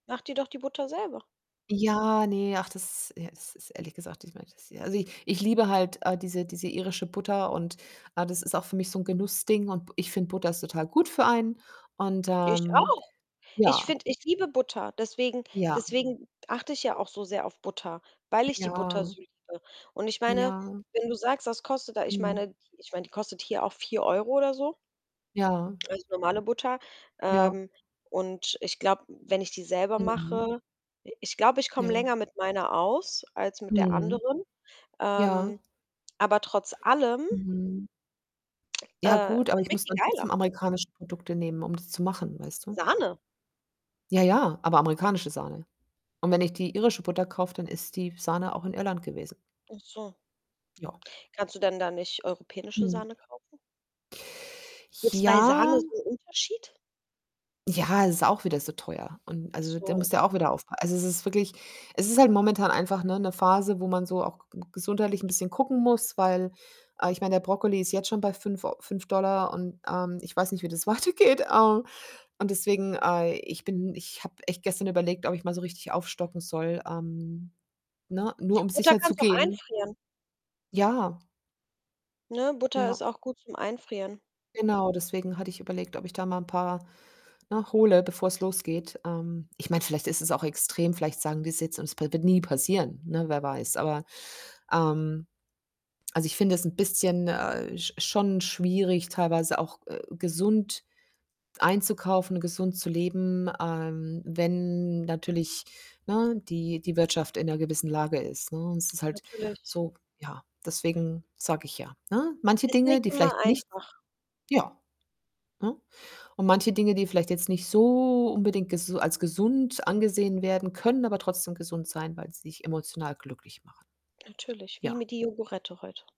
Mach dir doch die Butter selber. Ja, ne, ach, das ja, es ist ehrlich gesagt, ich meine, das ja. Also, ich ich liebe halt, äh, diese diese irische Butter und, äh, das ist auch für mich so 'n Genussding und b ich finde Butter ist total gut für einen und, Ich ähm auch. Ich ja. finde ich liebe Butter, deswegen Ja. deswegen achte ich ja auch so sehr auf Butter, weil ich die Butter Ja. so liebe. Und ich meine, Ja. wenn du sagst, das kostet da ich meine Mhm. die ich meine, die kostet hier auch 4 € oder so Ja. ganz normale Butter. Ja. Ähm, und ich glaube, wenn ich die selber Mhm. mache i ich glaube, ich komme Ja. länger mit meiner aus als mit der Mhm. anderen. Ja. Ähm, aber trotz allem Mhm. Ja, äh, gut, aber ich schmeckt muss die dann geiler. trotzdem amerikanische Produkte nehmen, um das zu machen, weißt du? Sahne? Ja, ja, aber amerikanische Sahne und wenn ich die irische Butter kaufe, dann ist die Sahne auch in Irland gewesen. Achso. Ja. Kannst du denn da nicht europäische Mhm. Sahne kaufen? Gibt's bei Ja? Sahne so 'n Unterschied? Ja, es ist auch wieder so teuer und, Ach also, da so. musst du auch wieder aufpa also, es ist wirklich es ist halt momentan einfach, ne, 'ne Phase, wo man so auch ge gesundheitlich 'n bisschen gucken muss, weil, äh, ich meine, der Brokkoli ist jetzt schon bei 5 Eu 5 $ und, ähm, ich weiß nicht, wie das weitergeht. Äh, und deswegen, äh ich bin ich habe echt gestern überlegt, ob ich mal so richtig aufstocken soll, ähm, ne, nur um Butter kannst du auch sicherzugehen. einfrieren. Ja. Ne, Butter ist Ja. auch gut zum Einfrieren. Genau, deswegen hatte ich überlegt, ob ich da mal 'n paar, ne, hole, bevor's losgeht. Ähm, ich meine, vielleicht ist es auch extrem, vielleicht sagen die's jetzt und es p wird nie passieren, ne, wer weiß. Aber, ähm, also, ich finde es 'n bisschen, äh, sch schon schwierig, teilweise auch gesund, äh, einzukaufen, gesund zu leben, ähm, wenn natürlich, ne, die die Wirtschaft in 'ner gewissen Lage ist, ne, und es ist halt Natürlich. so ja, deswegen sage ich ja, ne? Manche Ist Dinge, nicht die immer vielleicht nicht einfach. ja, ne? Und manche Dinge, die vielleicht jetzt nicht so unbedingt ges als gesund angesehen werden, können aber trotzdem gesund sein, weil sie dich emotional glücklich machen. Natürlich, wie Ja. mir die Yogurette heute.